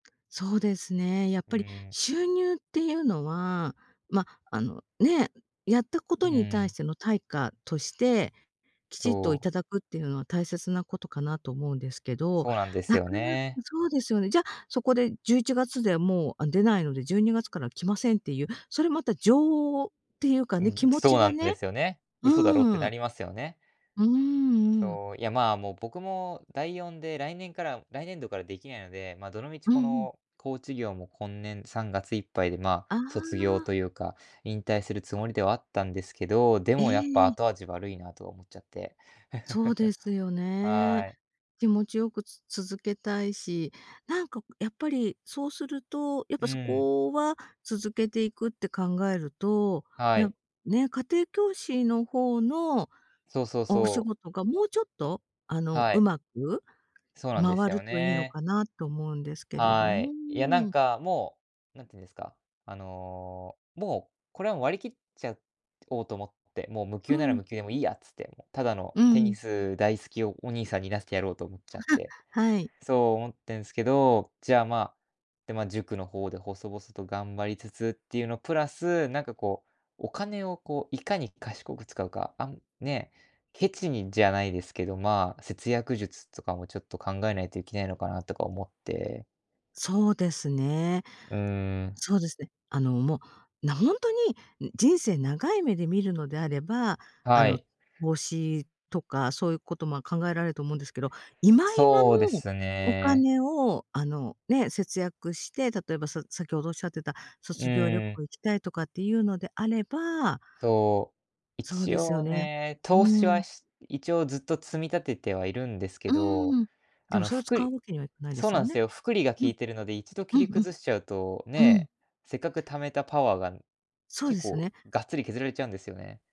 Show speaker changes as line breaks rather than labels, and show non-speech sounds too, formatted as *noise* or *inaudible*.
そうですね、やっ
う
ぱり
ん。
収入っていうのは、ま、あの、ね、やったこ
う
とに対し
ん。
ての対価として、きちっと
そう。
頂くっていうのは、大切なことかなと思うんですけど。
そうなんです
なか
よ
なか
ね。
そうですよね。じゃ、そこで、11月でもう、あ、出ないので、12月から来ませんっていう、それまた情っていうか
う
ね、
ん、
気持
そ
ち
うな
が
んで
ね
すよね。嘘だろうっ
う
てな
ん。
りますよね。
うんうん。
そう、いや、まあ、もう僕も第4で、来年から来年度からできないので、ま、どのみち
う
こ
んうん。
の、コーチ業も今年、3月いっぱいで、ま、
あ
卒業と
あ。
いうか、引退するつもりではあったんですけど。で
ええ
もやっぱ、
ええ。
後味悪いなと思っちゃって、
そうで
*chuckles*
すよね。
はい。
気持ちよく、つ続けたいし。なんか、やっぱりそうすると、やっ
う
ぱそ
ん。
こは、続けていくって考えると、い
は
や、
い。
ね、家庭教師の方の
そうそう
お仕
そう。
事が、もうちょっとあの、
はい。
上手く
そうなんで
回
す
る
よ
といいの
ね。
かな、と思うんですけれど
は
もう
い。いや、な
ー
ん
ん。
かもう、なんていうんですか、あの、もうこれは、割り切っちゃおうと思って。もう無
う
給なら
ん。
無給で、も、いいやっつって。ただの、
う
テニ
ん。
ス大好きお兄さんに、なっててやろうと思っちゃって、
*laughs* はい。
そう思ってんすけど。じゃあ、ま、で、ま、塾の方で、細々と頑張りつつっていうのプラス、なんかこう、お金をこう、いかに賢く使うか、あん、ね、ケチにじゃないですけど、まあ、節約術とかも、ちょっと考えないといけないのかな、とか思って。
そうですね。
うーん。
そうですね。あの、もう、な、ほんとに、人生長い目で見るのであれば、あ
は
の、
い。
投資とか、そういうことも考えられると思うんですけど。今今の
そうです
お
ね。
金を、あの、ね、節約して、例えば、さ先ほどおっしゃってた、
う
卒業旅
ーん。
行、行きたいとかっていうのであれば
そう。
そう
一
ですよ
応
ね。
ね、投
う
資
ん。
はし一応ずっと積み立ててはいるんですけ
う
ど。
ん。で
あ
も
の、
それを、
複
使う
利
わけにはいかないで
そう
す
な
よ
んで
ね。
すよ、複利が効
うん。
いてるので、一度
う
切
ん
り
う
崩しちゃうと、
ん、うん。
ね、せっかく貯めたパワーが、
そう
結
です
構
ね。
ガッツリ削られちゃうんですよね。